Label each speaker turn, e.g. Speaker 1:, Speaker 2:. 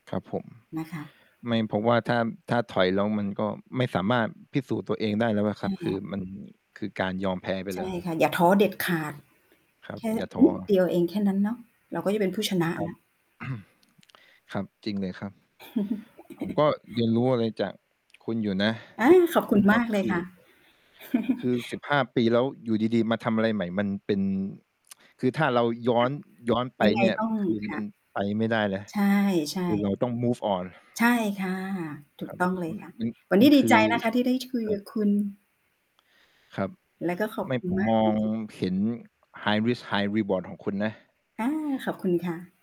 Speaker 1: ครับผม
Speaker 2: นะคะ
Speaker 1: ไม่ เพราะว่าถ้า ถ้าถอยแล้วมันก็ไม่สามารถพิสูจน์ตัวเองได้แล้วอ
Speaker 2: ใ
Speaker 1: ะ
Speaker 2: ช
Speaker 1: คร
Speaker 2: ่
Speaker 1: ับ
Speaker 2: ค
Speaker 1: ค
Speaker 2: ่
Speaker 1: ื
Speaker 2: ะ
Speaker 1: อมัน คือการยอมแพ้ไป
Speaker 2: ใช
Speaker 1: แล้
Speaker 2: ่
Speaker 1: วครั
Speaker 2: ค
Speaker 1: บ
Speaker 2: ่ะ อย่าท้อเด็ดขาด
Speaker 1: ครั
Speaker 2: แค
Speaker 1: บ
Speaker 2: ่
Speaker 1: อย่าท
Speaker 2: น
Speaker 1: ้
Speaker 2: ิดเ
Speaker 1: อ
Speaker 2: ดียวเองแค่นั้นเนาะ เราก็จะเป็นผู้ชนะ
Speaker 1: ครั
Speaker 2: แล
Speaker 1: บ
Speaker 2: ้ว
Speaker 1: ครับ จริงเลยครับ ผมก็เรียนรู้อะไรจากคุณอยู่นะ
Speaker 2: อา ขอบคุ
Speaker 1: น
Speaker 2: ณ
Speaker 1: ะค
Speaker 2: ม
Speaker 1: รั
Speaker 2: า
Speaker 1: บ
Speaker 2: กเล
Speaker 1: ค
Speaker 2: ย
Speaker 1: ื
Speaker 2: ค
Speaker 1: อ
Speaker 2: ่ะ
Speaker 1: คือ สิบห้า ปี แล้วอยู่ดี ๆ มาทำอะไรใหม่มันเป็น คือถ้าเราย้
Speaker 2: ค
Speaker 1: อ
Speaker 2: ่ะ
Speaker 1: น ย้อนไป
Speaker 2: ยังไง
Speaker 1: เนี่ย
Speaker 2: ต้อง
Speaker 1: คือ
Speaker 2: ค
Speaker 1: ม
Speaker 2: ่
Speaker 1: ั
Speaker 2: ะ
Speaker 1: นไปไม่ได้เลย
Speaker 2: ใช่
Speaker 1: คือเร
Speaker 2: ๆ
Speaker 1: าต้อง move on
Speaker 2: ใช่ค่ะ ถู
Speaker 1: ค
Speaker 2: ก
Speaker 1: รับ
Speaker 2: ต้องเล
Speaker 1: อ
Speaker 2: ย
Speaker 1: ืม
Speaker 2: ค่ะ
Speaker 1: มัน
Speaker 2: วันน
Speaker 1: ม
Speaker 2: ี
Speaker 1: ั
Speaker 2: ้
Speaker 1: น
Speaker 2: ด
Speaker 1: ค
Speaker 2: ี
Speaker 1: ื
Speaker 2: ใจ
Speaker 1: อ
Speaker 2: นะคะที่ได้คุย
Speaker 1: ครั
Speaker 2: กั
Speaker 1: บ
Speaker 2: บคุณ
Speaker 1: ครับ
Speaker 2: แล้วก็ ขอบ
Speaker 1: ไม่
Speaker 2: คุณ
Speaker 1: ผม
Speaker 2: มาก
Speaker 1: มอ
Speaker 2: จ
Speaker 1: ง
Speaker 2: ริง ๆ
Speaker 1: เห็น high risk high reward ของคุณนะ
Speaker 2: อา ขอบคุณค่ะ